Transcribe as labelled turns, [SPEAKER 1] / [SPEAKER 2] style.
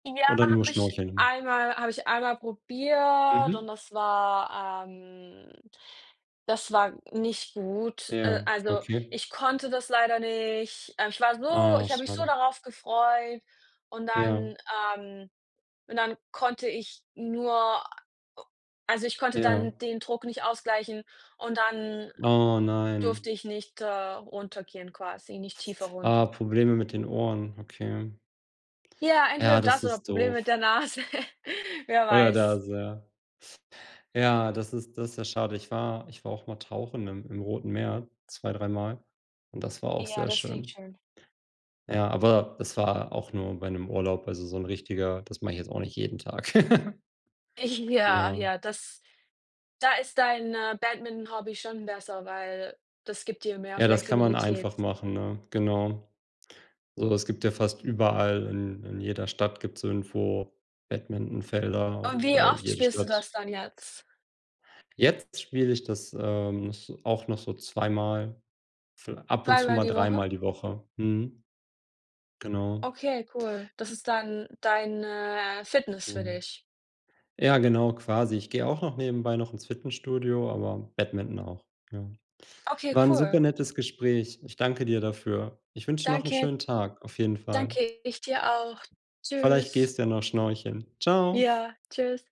[SPEAKER 1] Ja,
[SPEAKER 2] Oder nur
[SPEAKER 1] habe ich
[SPEAKER 2] Schnorcheln immer?
[SPEAKER 1] einmal habe ich einmal probiert und
[SPEAKER 2] Mhm.
[SPEAKER 1] das war, ähm das war nicht gut. Äh,
[SPEAKER 2] Ja,
[SPEAKER 1] also
[SPEAKER 2] okay.
[SPEAKER 1] ich konnte das leider nicht. Äh, ich war so
[SPEAKER 2] Ah,
[SPEAKER 1] ich habe mich so
[SPEAKER 2] schade.
[SPEAKER 1] darauf gefreut und
[SPEAKER 2] Ja.
[SPEAKER 1] dann, ähm und dann konnte ich nur äh, also ich konnte
[SPEAKER 2] Ja.
[SPEAKER 1] dann den Druck nicht ausgleichen und dann
[SPEAKER 2] Oh,
[SPEAKER 1] durfte
[SPEAKER 2] nein.
[SPEAKER 1] ich nicht, äh, runtergehen quasi nicht tiefer
[SPEAKER 2] Ah,
[SPEAKER 1] runter.
[SPEAKER 2] Probleme mit den Ohren, okay.
[SPEAKER 1] Ja,
[SPEAKER 2] Ja,
[SPEAKER 1] entweder das
[SPEAKER 2] das
[SPEAKER 1] oder
[SPEAKER 2] ist
[SPEAKER 1] Problem mit
[SPEAKER 2] doof.
[SPEAKER 1] der Nase, wer
[SPEAKER 2] Oder
[SPEAKER 1] weiß.
[SPEAKER 2] das, ja. Ja das ist das ja schade. Ich war ich war auch mal tauchen im im Roten Meer 2, dreimal und das war auch
[SPEAKER 1] Ja,
[SPEAKER 2] sehr
[SPEAKER 1] das klingt
[SPEAKER 2] schön.
[SPEAKER 1] schön.
[SPEAKER 2] Ja, aber es war auch nur bei 'nem Urlaub, also so 'n richtiger. Das mache ich jetzt auch nicht jeden Tag.
[SPEAKER 1] Ja,
[SPEAKER 2] Ja.
[SPEAKER 1] ja, das da ist dein, äh, Badminton-Hobby schon besser, weil das gibt dir mehr
[SPEAKER 2] Ja das kann man
[SPEAKER 1] Flexibilität.
[SPEAKER 2] einfach machen, ne? Genau. So, das gibt ja fast überall in in jeder Stadt gibt es irgendwo Badmintonfelder,
[SPEAKER 1] Und wie
[SPEAKER 2] weil
[SPEAKER 1] oft
[SPEAKER 2] jede
[SPEAKER 1] spielst du
[SPEAKER 2] Stadt
[SPEAKER 1] das dann jetzt?
[SPEAKER 2] Jetzt spiele ich das, ähm, s auch noch so zweimal, vi ab und zu
[SPEAKER 1] Zweimal
[SPEAKER 2] mal
[SPEAKER 1] die Woche?
[SPEAKER 2] dreimal die Woche. Mhm. Genau.
[SPEAKER 1] Okay, cool. Das ist dann deine, äh, Fitness für
[SPEAKER 2] Mhm.
[SPEAKER 1] dich.
[SPEAKER 2] Ja, genau quasi, ich gehe auch noch nebenbei noch ins Fitnessstudio, aber Badminton auch, ja.
[SPEAKER 1] Okay,
[SPEAKER 2] War 'n
[SPEAKER 1] cool.
[SPEAKER 2] supernettes Gespräch. Ich danke dir dafür. Ich wünsche dir noch 'n
[SPEAKER 1] Danke.
[SPEAKER 2] schönen Tag auf jeden Fall.
[SPEAKER 1] Danke, ich dir auch.
[SPEAKER 2] Vielleicht
[SPEAKER 1] Tschüss.
[SPEAKER 2] gehst du ja noch Schnorcheln. Ciao.
[SPEAKER 1] Ja, tschüss.